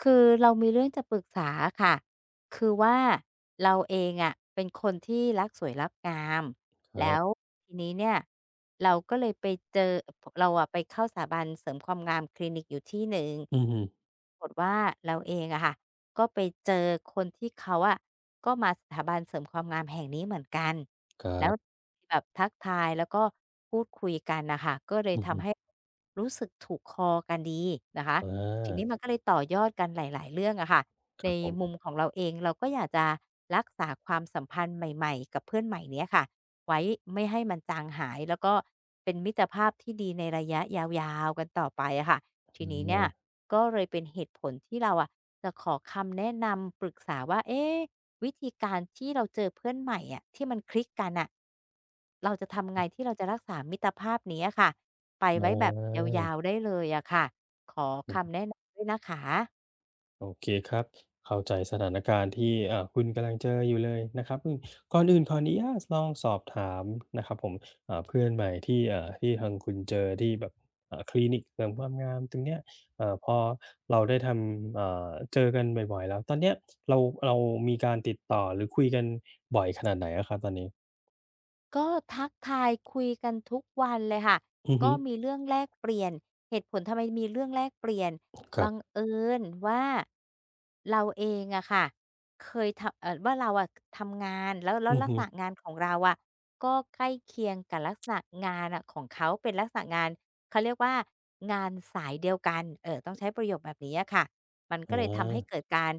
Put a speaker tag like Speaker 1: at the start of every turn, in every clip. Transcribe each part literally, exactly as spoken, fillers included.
Speaker 1: คือเรามีเรื่องจะปรึกษาอะค่ะ คือว่าเราเองอะ เป็นคนที่รักสวยรักงาม
Speaker 2: คร
Speaker 1: แล้
Speaker 2: ับ
Speaker 1: วทีนี้เนี่ยเราก็เลยไปเจอ เราอะไปเข้าสถาบันเสริมความงามคลินิกอยู่ที่หนึ่ง
Speaker 2: อือฮึ
Speaker 1: กฎว่า เราเองอะค่ะ ก็ไปเจอคนที่เขาอะ ก็มาสถาบันเสริมความงามแห่งนี้เหมือนกัน
Speaker 2: คร
Speaker 1: แล้
Speaker 2: ั
Speaker 1: ว
Speaker 2: บ
Speaker 1: แบบทักทาย แล้วก็พูดคุยกันน่ะค่ะ ก็เล
Speaker 2: อ
Speaker 1: ย
Speaker 2: ือ
Speaker 1: ท
Speaker 2: ฮึ
Speaker 1: ำให้รู้สึกถูกคอกันดีนะคะ ทีนี
Speaker 2: อา
Speaker 1: ้มันก็เลยต่อยอดกันหลาย ๆ เรื่องอะค่ะ
Speaker 2: ค
Speaker 1: ใน
Speaker 2: รับผม
Speaker 1: มุมของเราเอง เราก็อยากจะรักษาความสัมพันธ์ใหม่ ๆ กับเพื่อนใหม่เนี้ยค่ะไว้ ไม่ให้มันจางหาย แล้วก็เป็นมิตรภาพที่ดีในระยะยาว ๆ กันต่อไปอะค่ะ ท
Speaker 2: อ
Speaker 1: ีนี้เนี่ย
Speaker 2: ืม
Speaker 1: ก็เลยเป็นเหตุผลที่เราอะ จะขอคำแนะนำปรึกษาว่า เอ๊ะ วิธีการที่เราเจอเพื่อนใหม่อะ ที่มันคลิกกันน่ะ เราจะทำยัง
Speaker 2: อื
Speaker 1: ไง
Speaker 2: อ
Speaker 1: ที่เราจะรักษามิตรภาพนี้อะค่ะ ไป
Speaker 2: อ๋
Speaker 1: ไว้แบบยา
Speaker 2: อ
Speaker 1: ว ๆ ได้เลยอะค่ะ? ขอคำแนะนำด้วยนะคะ
Speaker 2: โอเคครับ เข้าใจสถานการณ์ที่ อ่า คุณกำลังเจออยู่เลยนะครับ อือ ก่อนอื่นขออนุญาตลองสอบถามนะครับผม อ่า เพื่อนใหม่ที่ อ่า ที่ทางคุณเจอที่แบบ อ่า คลินิกเสริมความงามตรงเนี้ย เอ่อ พอเราได้ทำ อ่า เจอกันบ่อย ๆ แล้ว ตอนเนี้ยเรา เรามีการติดต่อ หรือคุยกันบ่อยขนาดไหนอะครับตอนนี้?
Speaker 1: ก็ทักทายคุยกันทุกวันเลยค่ะ
Speaker 2: อือ
Speaker 1: ก
Speaker 2: ฮ
Speaker 1: ็
Speaker 2: ึ
Speaker 1: มีเรื่องแลกเปลี่ยน เหตุผลทำไมมีเรื่องแลกเปลี่ยน
Speaker 2: คร
Speaker 1: บ
Speaker 2: ั
Speaker 1: ั
Speaker 2: บ
Speaker 1: งเอิญว่า เราเองอะค่ะ เคย ทำ เอ่อ ว่าเราอะ ทำงาน แล้ว แล้
Speaker 2: อ
Speaker 1: ว
Speaker 2: ือ
Speaker 1: ลั
Speaker 2: ฮ
Speaker 1: ก
Speaker 2: ึ
Speaker 1: ษณะงาน ของเราอะ ก็ใกล้เคียงกับลักษณะงานน่ะของเขา เป็นลักษณะงาน เขาเรียกว่า งานสายเดียวกัน เออ ต้องใช้ประโยคแบบเนี้ยอะค่ะ มันก
Speaker 2: อ๋
Speaker 1: ็เลยทำให้
Speaker 2: อ
Speaker 1: เกิดการ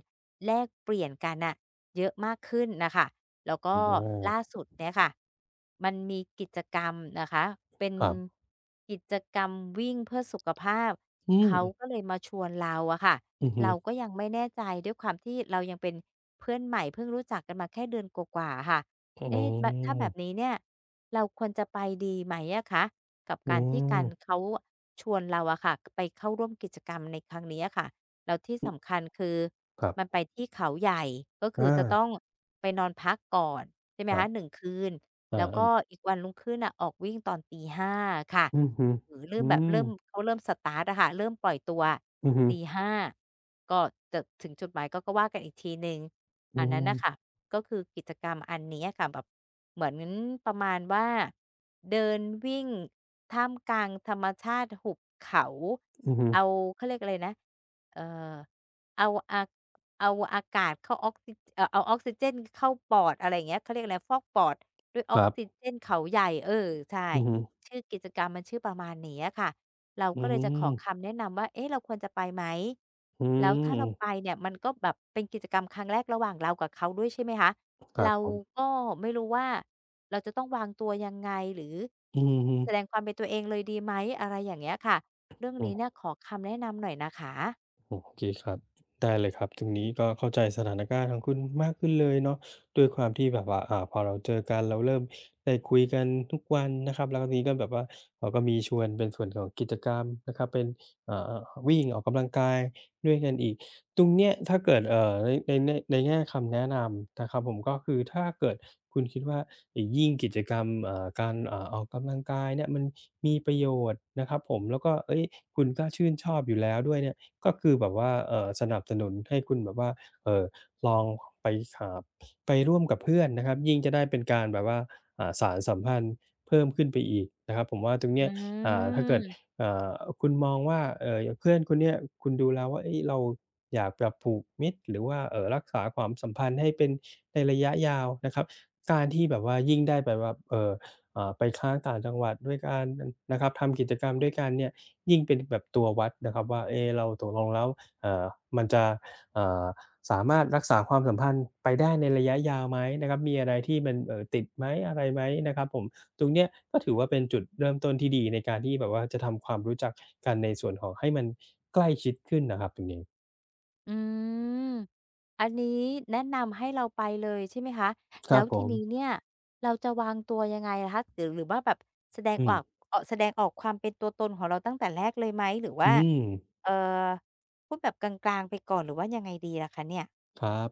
Speaker 1: แลกเปลี่ยนกันน่ะเยอะมากขึ้นน่ะค่ะ แล้วก
Speaker 2: อ
Speaker 1: ็
Speaker 2: อ
Speaker 1: ล
Speaker 2: า
Speaker 1: ่าสุดเนี้ยค่ะ มันมีกิจกรรมนะคะ เป็น
Speaker 2: ครับ
Speaker 1: กิจกรรมวิ่งเพื่อสุขภาพ
Speaker 2: อื
Speaker 1: เข
Speaker 2: ม
Speaker 1: าก็เลยมาชวนเราอะค่ะ
Speaker 2: อือฮ
Speaker 1: เ
Speaker 2: ึ
Speaker 1: ราก็ยังไม่แน่ใจ ด้วยความที่เรายังเป็นเพื่อนใหม่ เพิ่งรู้จักกันมาแค่เดือนกว่า ๆ อะค่ะ
Speaker 2: อ๋
Speaker 1: เอ๊ะ แบ ถ้าแบ
Speaker 2: อ
Speaker 1: บนี้เนี่ยเราควรจะไปดีไหมอะคะ? กับ
Speaker 2: โอ
Speaker 1: ก
Speaker 2: ้
Speaker 1: าร ที่การ
Speaker 2: โฮ
Speaker 1: เขาชวนเราอะค่ะ ก ไปเข้าร่วมกิจกรรมในครั้งนี้อะค่ะ แล้วที่
Speaker 2: อ
Speaker 1: ส
Speaker 2: ืม
Speaker 1: ำคัญคือ
Speaker 2: ครั
Speaker 1: มัน
Speaker 2: บ
Speaker 1: ไปที่เขาใหญ่ ก็ค
Speaker 2: อ
Speaker 1: ือจะ
Speaker 2: า
Speaker 1: ต้องไปนอนพักก่อน ใช่ไหม
Speaker 2: คร
Speaker 1: คะ
Speaker 2: ับ
Speaker 1: หนึ่ง คืน
Speaker 2: อา
Speaker 1: แล้ว
Speaker 2: เอ
Speaker 1: ก็
Speaker 2: อ
Speaker 1: อีกวันรุ่งขึ้นน่ะ ออกวิ่งตอนตี ห้า ค่ะ
Speaker 2: อือฮึ
Speaker 1: หรือเร
Speaker 2: อ
Speaker 1: ิ่
Speaker 2: ื
Speaker 1: มแบบ เริ่ม
Speaker 2: ม
Speaker 1: เขาเริ่ม สตาร์ต อะค่ะ เริ่มปล่อยตัวอะ
Speaker 2: อือฮึ
Speaker 1: ตี ห้า ก็จะถึงจุดหมายก็ ก็ว่ากันอีกทีหนึ่ง
Speaker 2: อ
Speaker 1: อ
Speaker 2: ื
Speaker 1: ันนั้นน่ะ
Speaker 2: ม
Speaker 1: ค่ะ ก็คือกิจกรรมอันเนี้ย อะค่ะ แบบเหมือนประมาณว่า เดินวิ่งท่ามกลางธรรมชาติหุบเขา
Speaker 2: อือฮึ
Speaker 1: เอา เขาเรียกอะไรนะ เอ่อ เอาอา เอาอากาศเข้าออกซิ เอ่อ เอาออกซิเจนเข้าปอด อะไรอย่างเงี้ย เขาเรียกอะไร ฟอกปอดด้วยอ
Speaker 2: ค
Speaker 1: อ
Speaker 2: ร
Speaker 1: ก
Speaker 2: ั
Speaker 1: ซิ
Speaker 2: บ
Speaker 1: เจนเขาใหญ่ เออ ใช่
Speaker 2: อือฮึ
Speaker 1: ชื่อกิจกรรมมันชื่อประมาณนี้อะค่ะ เรา
Speaker 2: อื
Speaker 1: ก
Speaker 2: ้
Speaker 1: ็
Speaker 2: อ
Speaker 1: เล
Speaker 2: ฮ
Speaker 1: ย
Speaker 2: ื
Speaker 1: จะขอ
Speaker 2: อ
Speaker 1: คำแนะนำว่า เอ๊ะ เราควรจะไปไหม?
Speaker 2: อื
Speaker 1: แ
Speaker 2: ม
Speaker 1: ล้วถ้า
Speaker 2: อื
Speaker 1: เรา
Speaker 2: อ
Speaker 1: ไปเนี่ย มันก็แบบเป็นกิจกรรมครั้งแรก ระหว่างเรากับเขาด้วย ใช่ไหมคะ
Speaker 2: คร
Speaker 1: เ
Speaker 2: ั
Speaker 1: ร
Speaker 2: บ
Speaker 1: า
Speaker 2: ผม
Speaker 1: ก็ไม่รู้ว่า เราจะต้องวางตัวยังไง? หรือ
Speaker 2: อือฮึ อื
Speaker 1: แส
Speaker 2: ม
Speaker 1: ดงความเป็นตัวเองเลยดีไหม? อะไรอย่างเงี้ยค่ะ เรื่อง
Speaker 2: โอ
Speaker 1: นี้เน
Speaker 2: ้
Speaker 1: ี่ยขอคำแนะนำหน่อยนะคะ
Speaker 2: โอเคครับ ได้เลยครับ ตรงนี้ก็เข้าใจสถานการณ์ของคุณมากขึ้นเลยเนาะ ด้วยความที่แบบว่า อ่า พอเราเจอกัน เราเริ่มได้คุยกันทุกวันนะครับ แล้วทีนี้ก็แบบว่า เราก็มีชวนเป็นส่วนของกิจกรรมนะครับ เป็น อ่า วิ่ง ออกกำลังกายด้วยกันอีก ตรงเนี้ยถ้าเกิด เอ่อ ใน ในแน่ ในแง่คำแนะนำนะครับผม ก็คือถ้าเกิดคุณคิดว่า ไอ้ ยิ่งกิจกรรม เอ่อ การ เอ่อ ออกกำลังกายเนี่ย มันมีประโยชน์นะครับผม แล้วก็ เฮ้ย คุณก็ชื่นชอบอยู่แล้วด้วยเนี่ย ก็คือแบบว่า เอ่อ สนับสนุนให้คุณแบบว่า เอ่อ ลองไปหา ไปร่วมกับเพื่อนนะครับ ยิ่งจะได้เป็นการแบบว่า อ่า สานสัมพันธ์เพิ่มขึ้นไปอีกนะครับ ผมว่าตรงเ
Speaker 1: อ
Speaker 2: นี้ย อ่า ถ้าเกิด
Speaker 1: ืม
Speaker 2: อ่า คุณมองว่า เอ่อ อย่างเพื่อนคนเนี้ย คุณดูแล้วว่า เฮ้ย เราอยากจะผูกมิตร หรือว่า เอ่อ รักษาความสัมพันธ์ให้เป็นในระยะยาวนะครับ การที่แบบว่ายิ่งได้แบบว่า เอ่อ อ่า ไปค้างต่างจังหวัดด้วยกัน น นะครับ ทำกิจกรรมด้วยกันเนี่ย ยิ่งเป็นแบบตัววัดนะครับว่า เอ๊ เราตกลงแล้ว อ่า มันจะ อ่า สามารถรักษาความสัมพันธ์ไปได้ในระยะยาวไหม? นะครับ มีอะไรที่มัน เอ่อ ติดไหม อะไรไหม? นะครับผม ตรงเนี้ยก็ถือว่าเป็นจุดเริ่มต้นที่ดี ในการที่แบบว่าจะทำความรู้จักกัน ในส่วนของให้มันใกล้ชิดขึ้นนะครับ ตรงนี้
Speaker 1: อืม อันนี้แนะนำให้เราไปเลยใช่ไหมคะ?
Speaker 2: ค
Speaker 1: แล
Speaker 2: ร
Speaker 1: ้
Speaker 2: ั
Speaker 1: ว
Speaker 2: บผ
Speaker 1: ทีนี้
Speaker 2: ม
Speaker 1: เนี่ย เราจะวางตัวยังไงอะคะ? หรือ หรือว่าแบบ แสดง
Speaker 2: อื
Speaker 1: อา
Speaker 2: ม
Speaker 1: ก เอ่อ แสดงออกความเป็นตัวตนของเราตั้งแต่แรกเลยไหม? หรือว่
Speaker 2: อื
Speaker 1: า
Speaker 2: ม
Speaker 1: เอ่อ พูดแบบกลาง ๆ ไปก่อน หรือว่ายังไงดีล่ะคะเนี่ย?
Speaker 2: ครับ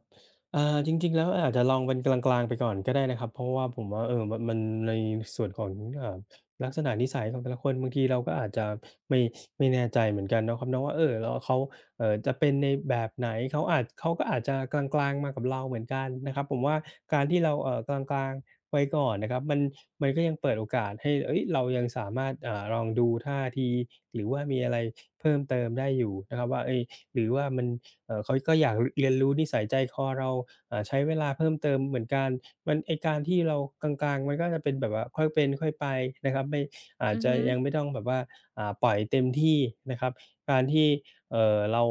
Speaker 2: อ่า จริง ๆ แล้วอาจจะลองเป็นกลาง ๆ ไปก่อนก็ได้นะครับ เพราะว่าผมว่า เอ่อ ม มันในส่วนของ เอ่อ ลักษณะนิสัยของแต่ละคน บางทีเราก็อาจจะ ไม่ ไม่แน่ใจเหมือนกันนะครับเนาะว่า เออ แล้ว อา เขา เอ่อ จะเป็นในแบบไหน? เขาอาจ เขาก็อาจจะกลาง ๆ มากับเราเหมือนกันนะครับ ผมว่าการที่เรา เอ่อ กลาง ๆ ไว้ก่อนนะครับ มัน มันก็ยังเปิดโอกาสให้ เฮ่ย เรายังสามารถ อ่า ลองดูท่าที หรือว่ามีอะไร เพิ่มเติมได้อยู่นะครับว่า เฮ่ย หรือว่ามัน เอ่อ เขาก็อยาก ร เรียนรู้นิสัยใจคอเรา อ่า ใช้เวลาเพิ่มเติมเหมือนกัน มัน ไอ้การที่เรากลาง ๆ มันก็จะเป็นแบบว่าค่อยเป็นค่อยไปนะครับ ไม่ อา
Speaker 1: อ
Speaker 2: จ
Speaker 1: ือ
Speaker 2: จ
Speaker 1: ฮ
Speaker 2: ะ
Speaker 1: ึ
Speaker 2: ยังไม่ต้องแบบว่า อ่า ปล่อยเต็มที่นะครับ การที่ เอ่อ เรา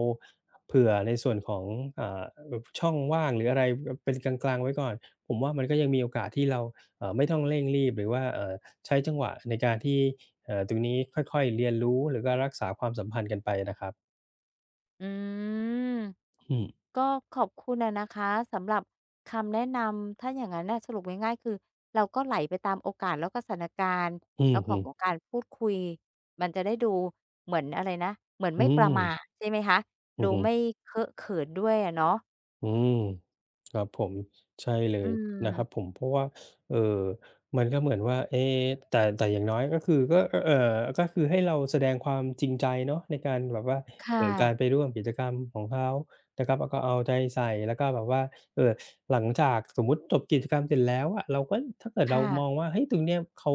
Speaker 2: เผื่อในส่วนของ อ่า อ ช่องว่างหรืออะไร บ เป็นกลาง ๆ ไว้ก่อน ผมว่ามันก็ยังมีโอกาสที่เรา อ่า ไม่ต้องเร่งรีบ หรือว่า เอ่อ ใช้จังหวะในการที่ เอ่อ ตรงนี้ค่อย ๆ เรียนรู้ หรือการรักษาความสัมพันธ์กันไปนะครับ
Speaker 1: อืม
Speaker 2: อืม
Speaker 1: ก็ขอบคุณอะนะคะสำหรับคำแนะนำ ถ้าอย่างงั้นน่ะ สรุปง่าย ๆ คือเราก็ไหลไปตามโอกาส แล้วก็สถานการณ์
Speaker 2: อื
Speaker 1: แล้
Speaker 2: อ
Speaker 1: วข
Speaker 2: ฮ
Speaker 1: อ
Speaker 2: ึ
Speaker 1: งต้องการพูดคุย มันจะได้ดูเหมือน อะไรนะ เหมือน
Speaker 2: อ
Speaker 1: ไ
Speaker 2: ื
Speaker 1: ม่ประมา
Speaker 2: ม
Speaker 1: ท ใช่ไหมคะ?
Speaker 2: อ
Speaker 1: ด
Speaker 2: ื
Speaker 1: ู
Speaker 2: อฮ
Speaker 1: ไม
Speaker 2: ึ
Speaker 1: ่เคอะเขินด้วยอะเนาะ
Speaker 2: อืม ครับผม ใช่เล
Speaker 1: อื
Speaker 2: ยนะ
Speaker 1: ม
Speaker 2: ครับผม เพราะว่า เอ่อ มันก็เหมือนว่า เอ๊ แต่ แต่อย่างน้อยก็คือ ก็ ก็ เอ่อ ก็คือให้เราแสดงความจริงใจเนาะในการแบบว่า
Speaker 1: ค่
Speaker 2: เอ่อ กา
Speaker 1: ะ
Speaker 2: รไปร่วมกิจกรรมของเขานะครับ แล้วก็เอาใจใส่ แล้วก็แบบว่า เอ่อ หลังจาก สมมุติจบกิจกรรมเสร็จแล้วอะ เราก็ ถ้าเกิด
Speaker 1: ค
Speaker 2: เร
Speaker 1: ่
Speaker 2: า
Speaker 1: ะ
Speaker 2: มองว่า เฮ้ย ตรงเนี้ยเขา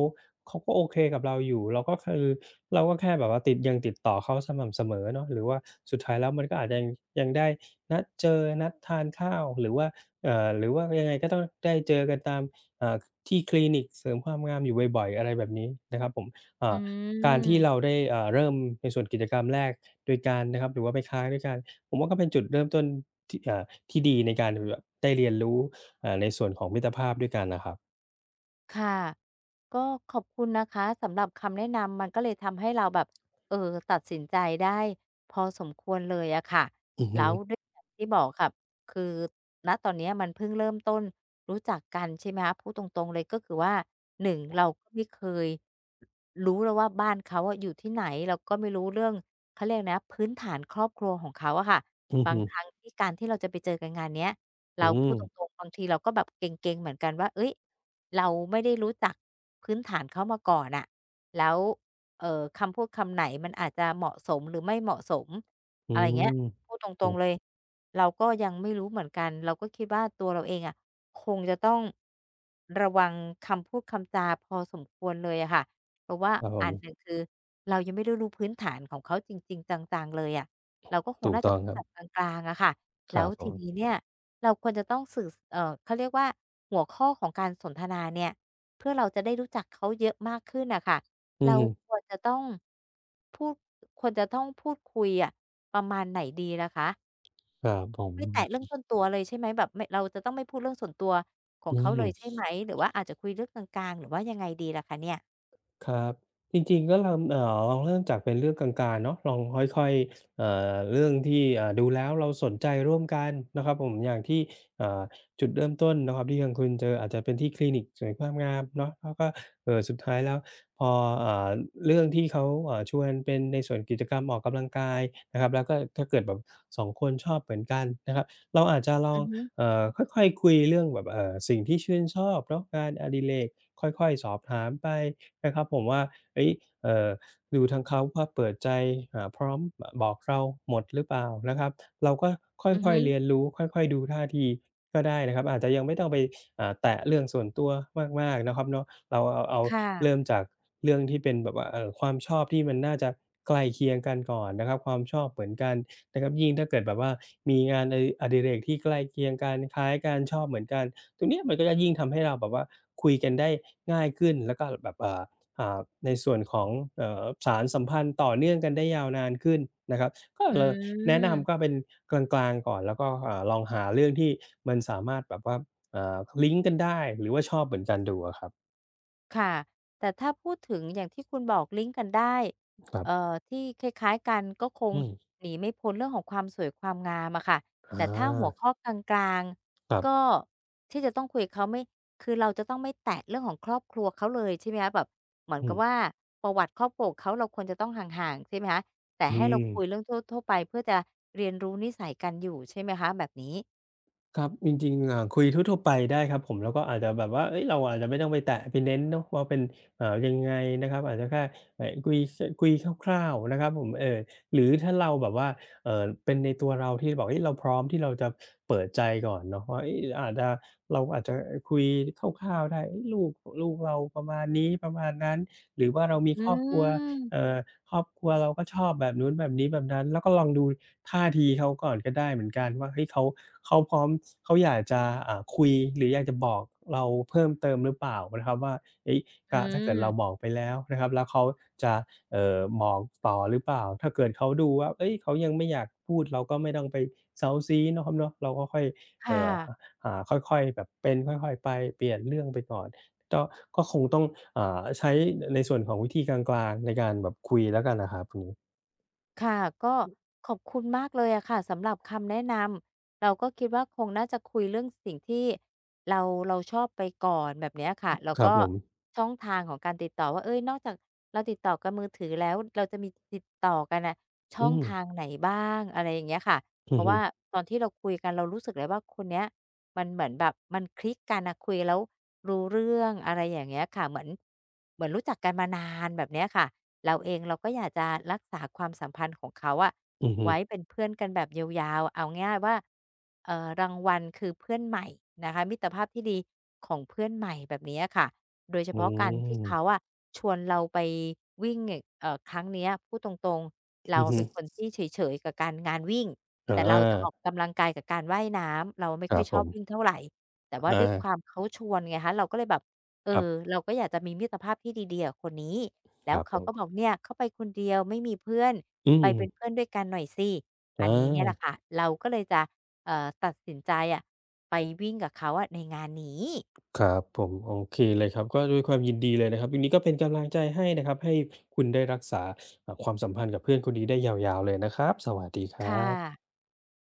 Speaker 2: เขาก็โอเคกับเราอยู่ เราก็คือ เราก็แค่แบบว่าติด ยังติดต่อเขาสม่ำเสมอเนาะ หรือว่าสุดท้ายแล้วมันก็อาจยัง ยังได้นัดเจอ นัดทานข้าว หรือว่า เอ่อ หรือว่ายังไงก็ต้องได้เจอกันตาม เอ่อ ที่คลินิกเสริมความงามอยู่บ่อย ๆ อะไรแบบนี้นะครับผม อ่
Speaker 1: อื
Speaker 2: า การที่
Speaker 1: ม
Speaker 2: เราได้ อ่า เริ่มในส่วนกิจกรรมแรกด้วยกันนะครับ หรือว่าไปค้างด้วยกัน ผมว่าก็เป็นจุดเริ่มต้นที่ อ่า ที่ดีในการ อือ แบบได้เรียนรู้ อ่า ในส่วนของมิตรภาพด้วยกันนะครับ
Speaker 1: ค่ะ ก็ขอบคุณนะคะสำหรับคำแนะนำ มันก็เลยทำให้เราแบบ เออ ตัดสินใจได้พอสมควรเลยอะค่ะ
Speaker 2: อือ
Speaker 1: แ
Speaker 2: ฮ
Speaker 1: ล้
Speaker 2: ึ
Speaker 1: วด้วย อย่างที่บอกค่ะ คือ ณ ตอนนี้มันเพิ่งเริ่มต้น รู้จักกัน ใช่ไหมคะ พูดตรง ๆ เลย ก็คือว่า หนึ่ง เราไม่เคย รู้แล้วว่า บ้านเขาอะอยู่ที่ไหน เราก็ไม่รู้เรื่อง เขาเรียกอะไรนะพื้นฐานครอบครัวของเขาอะค่ะ
Speaker 2: อือ
Speaker 1: บา
Speaker 2: ฮ
Speaker 1: ง
Speaker 2: ึ
Speaker 1: ครั้งที่การที่เราจะไปเจอกันงานนี้ เร
Speaker 2: อ
Speaker 1: า
Speaker 2: ื
Speaker 1: พูดต
Speaker 2: ม
Speaker 1: รง ๆ บางทีเราก็แบบเกร็ง ๆ เหมือนกันว่า เอ๊ย! เราไม่ได้รู้จักพื้นฐานเขามาก่อนอะ แล้ว เอ่อ คำพูดคำไหนมันอาจจะเหมาะสมหรือไม่เหมาะสม
Speaker 2: อื
Speaker 1: อะไรอย่างเงี้
Speaker 2: ม
Speaker 1: ย พูดต
Speaker 2: โอ
Speaker 1: รง
Speaker 2: ้
Speaker 1: ๆ เลย เราก็ยังไม่รู้เหมือนกัน เราก็คิดว่า ตัวเราเองอะคงจะต้อง ระวังคำพูดคำจาพอสมควรเลยอะค่ะ เพราะว่า
Speaker 2: ครับผ
Speaker 1: อันห
Speaker 2: ม
Speaker 1: นึ่ง คือเรายังไม่ได้รู้พื้นฐานของเขาจริง ๆ จัง ๆ เลยอะ เราก็คง
Speaker 2: ถู
Speaker 1: น
Speaker 2: ก
Speaker 1: ่า
Speaker 2: ต
Speaker 1: จะ
Speaker 2: ้อง
Speaker 1: พูด
Speaker 2: ครั
Speaker 1: แบ
Speaker 2: บ
Speaker 1: บกลาง ๆ อะค่ะ แ
Speaker 2: ค
Speaker 1: ล้
Speaker 2: รั
Speaker 1: ว
Speaker 2: บผ
Speaker 1: ทีน
Speaker 2: ม
Speaker 1: ี้เนี่ยเราควรจะต้องสื่อ ส เอ่อ เขาเรียกว่า หัวข้อของการสนทนาเนี่ย เพื่อเราจะได้รู้จักเขาเยอะมากขึ้นน่ะค่ะ
Speaker 2: อื
Speaker 1: เรา
Speaker 2: อฮึ
Speaker 1: ควรจะต้องพูด ควรจะต้องพูดคุยอะ ประมาณไหนดีล่ะคะ?
Speaker 2: อา ผม
Speaker 1: ไม่แตะเรื่องส่วนตัวเลยใช่ไหม? แบบ ไม่ เราจะต้องไม่พูดเรื่องส่วนตัวของ
Speaker 2: อื
Speaker 1: เขา เ
Speaker 2: ม
Speaker 1: ลยใช่ไหม? หรือว่าอาจจะคุยเรื่องกลาง ๆ หรือว่ายังไงดีล่ะคะเนี่ย?
Speaker 2: ครับ จริง ๆ ก็ลำ เอ่อ ลองเริ่มจากเป็นเรื่องกลาง ๆ เนาะ ลองค่อย ๆ เอ่อ เรื่องที่ เอ่อ ดูแล้วเราสนใจร่วมกันนะครับผม อย่างที่ เอ่อ จุดเริ่มต้นนะครับที่ทางคุณเจออาจจะเป็นที่คลินิกสวยความงามเนาะ แล้วก็ เอ่อ สุดท้ายแล้วพอ เอ่อ เรื่องที่เขา เอ่อ ชวนเป็นในส่วนกิจกรรมออกกำลังกายนะครับ แล้วก็ถ้าเกิดแบบ สอง คนชอบเหมือนกันนะครับ เราอาจจะล
Speaker 1: อ
Speaker 2: อ
Speaker 1: ื
Speaker 2: ง
Speaker 1: อฮึ
Speaker 2: เอ่อ ค่อย ๆ คุยเรื่องแบบ เอ่อ สิ่งที่ชื่นชอบเนาะ งานอดิเรกค่อย ๆ สอบถามไปนะครับผมว่า เฮ้ย เอ่อ ดูทางเขาก็เปิดใจ อ่า พร้อมบอกเราหมดหรือเปล่านะครับ เราก็ค่
Speaker 1: อือฮ
Speaker 2: อย ๆ เร
Speaker 1: ึ
Speaker 2: ียนรู้ ค่อย ๆ ดูท่าที ก็ได้นะครับ อาจจะยังไม่ต้องไป อ่า แตะเรื่องส่วนตัวมาก ๆ นะครับเนาะ เราเอา
Speaker 1: ค่
Speaker 2: เริ
Speaker 1: ะ
Speaker 2: ่มจากเรื่องที่เป็นแบบว่า เอ่อ ความชอบที่มันน่าจะใกล้เคียงกันก่อนนะครับ ความชอบเหมือนกันนะครับ ยิ่งถ้าเกิดแบบว่า มีงาน อ อดิเรกที่ใกล้เคียงกันคล้ายกัน ชอบเหมือนกัน ตรงนี้มันก็ยิ่งทำให้เราแบบว่าคุยกันได้ง่ายขึ้น แล้วก็แบบ อ่า อ่า ในส่วนของ เอ่อ สานสัมพันธ์ต่อเนื่องกันได้ยาวนานขึ้นนะครับ ก็
Speaker 1: อ
Speaker 2: เลยแนะน
Speaker 1: ืม
Speaker 2: ำก็เป็นกลาง ๆ ก่อนแล้วก็ เอ่อ ลองหาเรื่องที่มันสามารถแบบว่า อ่า ลิงก์กันได้หรือว่าชอบเหมือนกัน ดูอะครับ
Speaker 1: ค่ะ แต่ถ้าพูดถึงอย่างที่คุณบอกลิงก์กันได้
Speaker 2: ครั
Speaker 1: เ
Speaker 2: บ
Speaker 1: อ่อ ที่คล้าย ๆ กันก็คง
Speaker 2: อืม
Speaker 1: หนีไม่พ้นเรื่องของความสวยความงามอะค่ะ
Speaker 2: อ
Speaker 1: แต่ถ้าหัว
Speaker 2: า
Speaker 1: ข้อกลาง
Speaker 2: ครับ
Speaker 1: ๆ ก็ ที่จะต้องคุยกับเขาไม่ คือเราจะต้องไม่แตะเรื่องของครอบครัวเขาเลยใช่ไหมคะ? แบบเหมือน
Speaker 2: อื
Speaker 1: กับ
Speaker 2: ม
Speaker 1: ว่า ประวัติครอบครัวของเขาเราควรจะต้องห่าง ๆ ใช่ไหมคะ? แต่
Speaker 2: อื
Speaker 1: ให้เราคุ
Speaker 2: ม
Speaker 1: ยเรื่องทั่ว ๆ ไปเพื่อจะเรียนรู้นิสัยกันอยู่ใช่ไหมคะแบบนี้?
Speaker 2: ครับ จริง ๆ อ่า คุยทั่ว ๆ ไปได้ครับผม แล้วก็อาจจะแบบว่า เอ๊ย เราอาจจะไม่ต้องไปแตะไปเน้นเนาะว่าเป็น อ่า ยังไงนะครับ อาจจะแค่ อ คุย ส คุยคร่าว ๆ นะครับผม เออ หรือถ้าเราแบบว่า เอ่อ เป็นในตัวเราที่แบบ เอ๊ย เราพร้อมที่เราจะเปิดใจก่อนเนาะว่า เอ๊ย หรืออาจจะ เราอาจจะ เออ คุยคร่าว ๆ ได้ เอ๊ย ลูก ลูกเราประมาณนี้ ประมาณนั้น หรือว่าเรามี
Speaker 1: อื
Speaker 2: ครอบครัว
Speaker 1: ม
Speaker 2: เอ่อ ครอบครัวเราก็ชอบแบบนู้นแบบนี้แบบนั้น แล้วก็ลองดูท่าทีเขาก่อนก็ได้เหมือนกันว่า เฮ้ย เขา เขาพร้อม เขาอยากจะ อ่า คุยหรืออยากจะบอกเราเพิ่มเติมหรือเปล่านะครับว่า เอ๊ย ถ
Speaker 1: อ
Speaker 2: ้า ถ้าเกิดเรา
Speaker 1: ืม
Speaker 2: บอกไปแล้วนะครับ แล้วเขาจะ เอ่อ บอกต่อหรือเปล่า ถ้าเกิดเขาดูว่า เอ๊ย เขายังไม่อยากพูด เราก็ไม่ต้องไปเซ้าซี้เนาะครับเนาะ เราก็ค่อย
Speaker 1: ค
Speaker 2: เอ
Speaker 1: ่
Speaker 2: ่อ
Speaker 1: ะ
Speaker 2: อ่า ค่อย ๆ เป็นค่อย ๆ ไป เปลี่ยนเรื่องไปก่อน ก็ ก็คงต้อง อ่า ใช้ในส่วนของวิธีกลาง ๆ ในการแบบคุยแล้วกันน่ะครับ อืม
Speaker 1: ค่ะ ก็ขอบคุณมากเลยอะค่ะ สำหรับคำแนะนำ เราก็คิดว่า คงน่าจะคุยเรื่องสิ่งที่เรา เราชอบไปก่อน แบบเนี้ยค่ะ แล้ว
Speaker 2: คร
Speaker 1: ก
Speaker 2: ับ
Speaker 1: ็
Speaker 2: ผม
Speaker 1: ช่องทางของการติดต่อว่า เอ๊ย นอกจากเราติดต่อกันมือถือแล้ว เราจะมีติดต่อกันน่ะ ช
Speaker 2: อ
Speaker 1: ่
Speaker 2: ื
Speaker 1: องท
Speaker 2: ม
Speaker 1: างไหนบ้าง อะไรอย่างเงี้ยค่ะ
Speaker 2: อ
Speaker 1: เพ
Speaker 2: ื
Speaker 1: รา
Speaker 2: อ
Speaker 1: ะ
Speaker 2: ฮ
Speaker 1: ว
Speaker 2: ึ
Speaker 1: ่าตอนที่เราคุยกัน เรารู้สึกเลยว่า คนเนี้ยมันเหมือนแบบ มันคลิกกันน่ะ คุยแล้วรู้เรื่อง อะไรอย่างเงี้ยค่ะ เหมือน เหมือนรู้จักกันมานาน แบบเนี้ยค่ะ เราเองเราก็อยากจะรักษาความสัมพันธ์ของเขาอะ
Speaker 2: อือฮึ
Speaker 1: ไว้เป็นเพื่อนกันแบบยาว ๆ เอาง่าย ๆ ว่า เอ่อ รางวัลคือเพื่อนใหม่นะคะ มิตรภาพที่ดีของเพื่อนใหม่ แบบนี้อะค่ะ โดยเฉ
Speaker 2: โ
Speaker 1: พาะการที่เข
Speaker 2: อ้
Speaker 1: าอะ ชวนเราไปวิ่งอย่าง เอ่อ ครั้งเนี้ย พูดตรง ๆ เร
Speaker 2: อ
Speaker 1: า
Speaker 2: ือฮ
Speaker 1: เ
Speaker 2: ึ
Speaker 1: ป็นคนที่เฉย ๆ กับการ งานวิ่ง
Speaker 2: อ
Speaker 1: แต่เราจะอ
Speaker 2: า
Speaker 1: อกกำลังกายกับการว่ายน้ำ เราไม่
Speaker 2: ค
Speaker 1: ค
Speaker 2: รั
Speaker 1: ่อย
Speaker 2: บ
Speaker 1: ช
Speaker 2: ผ
Speaker 1: อบ
Speaker 2: ม
Speaker 1: วิ่งเท่าไร แต่ว่า
Speaker 2: อ
Speaker 1: ด้วยค
Speaker 2: า
Speaker 1: วาม เขาชวนไงคะ เราก็เลยแบบ เอ
Speaker 2: ครับ
Speaker 1: อ เราก็อยากจะมีมิตรภาพที่ดี ๆ กับคนนี้ แล
Speaker 2: ค
Speaker 1: ้ว
Speaker 2: รับ
Speaker 1: เข
Speaker 2: ผ
Speaker 1: า
Speaker 2: ม
Speaker 1: ก็บอก "เนี่ย เขาไปคนเดียวไม่มีเพื่อน
Speaker 2: อื
Speaker 1: ไปเป
Speaker 2: ม
Speaker 1: ็นเพื่อนด้วยกันหน่อยสิ" อ
Speaker 2: อ
Speaker 1: ันนี้เนี่ยแหล
Speaker 2: า
Speaker 1: ะค่ะ เราก็เลยจะ เอ่อ ตัดสินใจอะ ไปวิ่งกับเขาอะในงานนี้
Speaker 2: ครับผม โอเคเลยครับ ก็ด้วยความยินดีเลยนะครับ วันนี้ก็เป็นกำลังใจให้นะครับ ให้คุณได้รักษา อ่า ความสัมพันธ์กับเพื่อนคนนี้ได้ยาว ๆ เลยนะครับ สวัสดีคร
Speaker 1: ค
Speaker 2: ั
Speaker 1: ่
Speaker 2: บ
Speaker 1: ะ